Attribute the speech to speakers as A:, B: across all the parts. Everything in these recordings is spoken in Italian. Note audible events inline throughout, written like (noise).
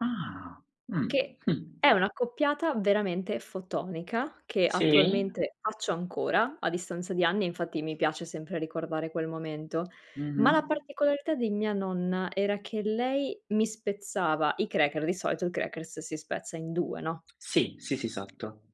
A: Ah. Mh.
B: Che
A: (chuckles)
B: è un'accoppiata veramente fotonica, che
A: Sì.
B: attualmente faccio ancora a distanza di anni, e infatti mi piace sempre ricordare quel momento. Ma la
A: Mh-mh.
B: particolarità di mia nonna era che lei mi spezzava, i cracker di solito il crackers si spezza in 2 no?
A: Sì, sì, sì, esatto.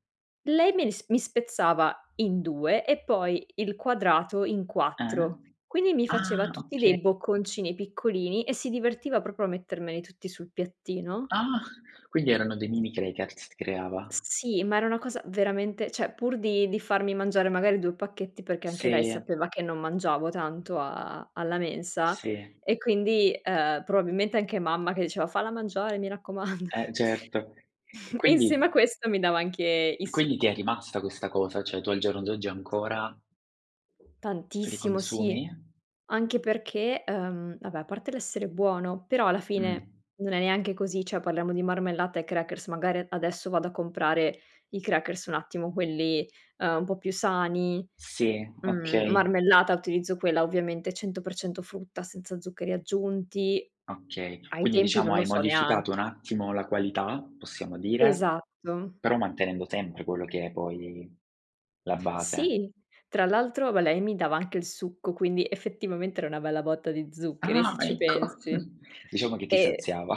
B: Lei me li s mi spezzava in 2 e poi il quadrato in
A: Eh?
B: 4, quindi mi faceva
A: Ah,
B: tutti
A: oka
B: dei bocconcini piccolini, e si divertiva proprio a mettermeli tutti sul piattino.
A: Ah, quindi erano dei mini crackers creava.
B: S sì, ma era una cosa veramente cioè, pur di di farmi mangiare magari 2 pacchetti, perché anche lei
A: Sì.
B: sapeva che non mangiavo tanto a alla mensa,
A: Sì.
B: e quindi, uhm, probabilmente anche mamma che diceva: "Falla mangiare, mi raccomando."
A: Eh, certo. E
B: (chuckles) E insieme a
A: quindi
B: questo mi dava anche il
A: quindi ti è
B: succo.
A: rimasta questa cosa? Cioè, tu al giorno d'oggi ancora li
B: Tantissimo, sì.
A: consumi?
B: Anche perché, uhm, vabbè, a parte l'essere buono, però alla fine
A: Mh.
B: non è neanche così cioè parliamo di marmellata e crackers, magari a adesso vado a comprare i crackers un attimo quelli, uhm, un po' più sani.
A: Sì,
B: Mhmm,
A: okay.
B: marmellata utilizzo quella ovviamente 100% frutta, senza zuccheri aggiunti.
A: Okay,
B: Ai
A: quindi
B: tempi non
A: diciamo
B: lo
A: hai
B: so nean
A: modificato un attimo la qualità, possiamo dire,
B: Esatto.
A: però mantenendo sempre quello che è poi la base?
B: Sì, tra l'altro va lei mi dava anche il succo, quindi effettivamente era una bella botta di zuccheri
A: Ah,
B: se ci
A: ecco
B: pensi.
A: (chuckles) diciamo che ti
B: E
A: saziava.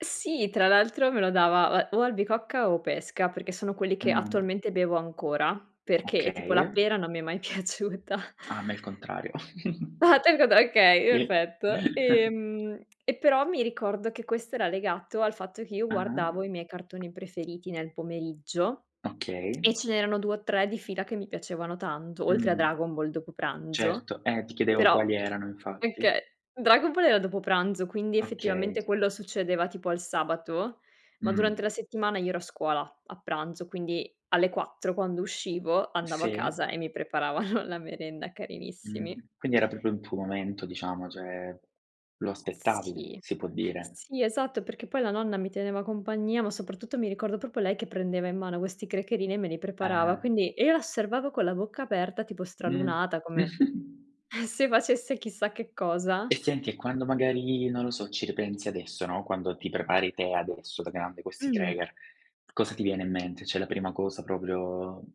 B: Sì, tra l'altro me lo dava o a o albicocca o pesca, perché sono quelli che
A: Mh.
B: attualmente bevo ancora, perché tipo la
A: Okay.
B: pera non mi è mai piaciuta.
A: Ah, a me il contrario. (chuckles)
B: (unintelligible) Okay,
A: (unintelligible)
B: effetto.
A: (chuckles)
B: Ehm, e però mi ricordo che questo era legato al fatto che io
A: Ah-ah.
B: guardavo i miei cartoni preferiti nel pomeriggio (tsk)
A: Okay.
B: e ce n'erano 2 o 3 di fila che mi piacevano tanto, oltre a
A: Mh.
B: Dragon Ball dopo pranzo.
A: Certo, eh, ti chiedevo
B: Però
A: quali erano infatti.
B: okay. Dragon Ball era dopo pranzo, quindi
A: Okay.
B: effettivamente quello succedeva tipo al sabato, ma durante la
A: Mh.
B: settimana io ero a scuola a pranzo, quindi alle 4, quando uscivo, andavo a casa
A: Sì.
B: e mi preparavano la merenda, carinissimi.
A: Mh. Quindi era proprio il tuo momento, diciamo, cioè lo aspettavi,
B: Sì,
A: si può dire?
B: sì, esatto, perché poi la nonna mi teneva compagnia, ma soprattutto mi ricordo proprio lei che prendeva in mano questi crackerini e me li preparava.
A: Eh.
B: Quindi, io la osservavo con la bocca aperta, tipo
A: Mh.
B: stralunata, come
A: (chuckles)
B: (chuckles) se facesse chissà che cosa.
A: E senti, e quando magari, non lo so, ci ripensi adesso, no, quando ti prepari te adesso, da grande, questi
B: Mh.
A: cracker, cosa ti viene in mente? Cioè, la prima cosa proprio